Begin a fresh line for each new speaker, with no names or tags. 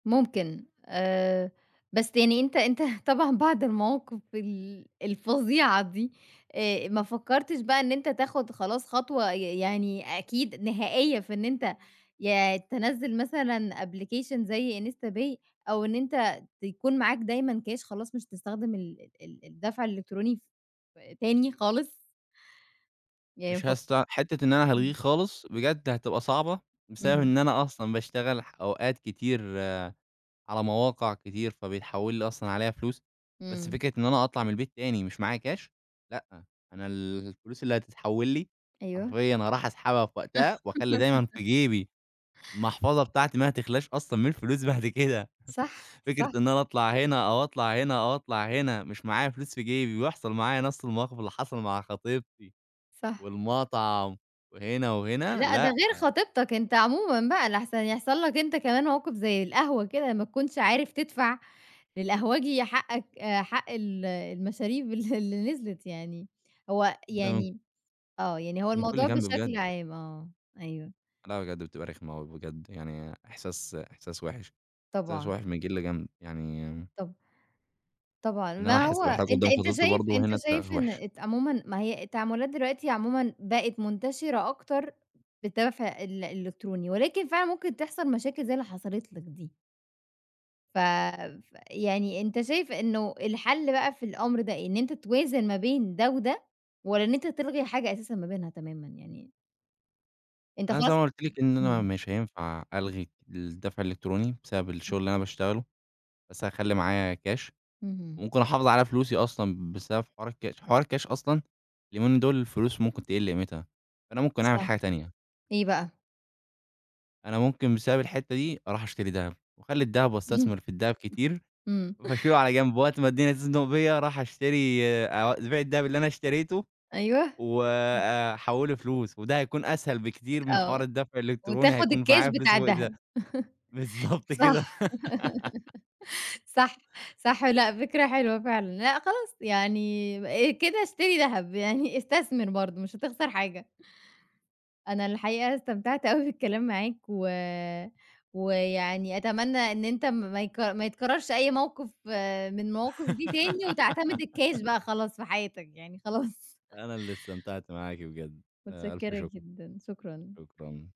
ممكن آآ، بس يعني أنت أنت طبعًا بعد المواقف ال الفظيعة دي آآ، ما فكرتش بقى إن أنت تاخد خلاص خطوة ي يعني أكيد نهائية في إن أنت يا تنزِّل مثلًا application زي instapay، أو إن أنت تكون معاك دايمًا كاش خلاص مش هتستخدم ال ال الدفع الإلكتروني ف تاني خالص. يعني ما
مش
فك
هست حتّة إن أنا هالغيه
إمم.
خالص، بجد هتبقى صعبة، بسبب
إمم.
إن أنا أصلًا باشتغل ح أوقات كتير على مواقع كتير، فبيتحول لي أصلًا عليها فلوس. بس
إمم.
فكرة إن أنا أطلع من البيت تاني مش معايا كاش؟ لأ، أنا الفلوس اللي هتتحول لي،
أيوه.
حرفيًا هاروح أسحبها في وقتها وأخلي دايمًا في جيبي، المحفظة بتاعتي ما هتخلاش أصلًا من الفلوس بعد كده.
صح،
فكرة
صح.
إن أنا أطلع هنا أو أطلع هنا أو أطلع هنا مش معايا فلوس في جيبي ويحصل معايا نفس المواقف اللي حصل مع خطيبتي
صح.
والمطعم وهنا وهنا،
لأ، ده
لأ.
غير خطيبتك، أنت عمومًا بقى لاحسن يحصل لك أنت كمان موقف زي القهوة كده ما تكونش عارف تدفع للقهوجي حقك حق ال المشاريب اللي اللي نزلِت يعني. هو
ده
يعني آه، يعني هو
من كل
الموضوع
جنب
بشكل
بجد.
عام آه، أيوه.
لأ، بجد بتبقى رخمة اوي بجد، يعني إحساس إحساس وحِش. إحساس
طبعًا.
وحِش من كل جنب يعني
طَب طبعًا،
إن أنا
ما هو
أحس بإحراج
أنت
قُدام
أنت
خطيبتي
شايف
برضه
أنت
هنا تبقى
شايف إن
وحِشة.
أت عمومًا ما هي التعاملات دلوقتي عمومًا بقت منتشرة أكتر بالدفع ال الإلكتروني، ولكن فعلًا ممكن تحصل مشاكل زي اللي حصلت لك دي. ف فيعني أنت شايف إنه الحل بقى في الأمر ده إيه؟ إن أنت توازن ما بين ده وده، والَّا إن أنت تلغي حاجة أساسًا ما بينها تمامًا يعني؟ أنت
أنا زي
خلاص
ما قُلت لِك إن أنا
إمم.
مش هينفع ألغي الدفع الإلكتروني بسبب الشغل
إمم.
اللي أنا باشتغله، بس هاخلي معايا كاش
اهم.
وممكن أحافظ على فلوسي أصلًا بسبب حوار الكاش. حوار الكاش أصلًا اليومين دول الفلوس ممكن تقل قيمتها، فأنا ممكن أعمل
صح،
حاجة تانية.
إيه بقى؟
أنا ممكن بسبب الحتَّة دي أروح أشتري دهب، وأخلي الدهب وأستثمر في الدهب كتير.
إمم.
وابقى اشيله على جنب وقت اما الدنيا تُزنق بيا أروح أشتري أ أبيع الدهب اللي أنا اشتريته
أيوه. آه.
وأحوله فلوس وده هيكون أسهل بكتير من حوار
آه.
الدفع الإلكتروني.
وتاخد
هيكون
الكاش
معايا فلوس
بتاع
وإيداع
دهب.
بالضبط
صح.
كده.
صح، صح. لا، فكرة حلوة فعلًا، لا خلاص يعني كده اشتري دهب، يعني استثمر برضه مش هتخسر حاجة. أنا الحقيقة استمتعت أوي بالكلام معاك و ويعني أتمنى إن أنت ما يتك ما يتكررش أي موقف من المواقف دي تاني وتعتمد الكاش بقى خلاص في حياتك يعني خلاص.
أنا اللي استمتعت معاكِ بجد. ألف
مُتشكرة
شُكر.
جدًا. شكرًا.
شكرًا.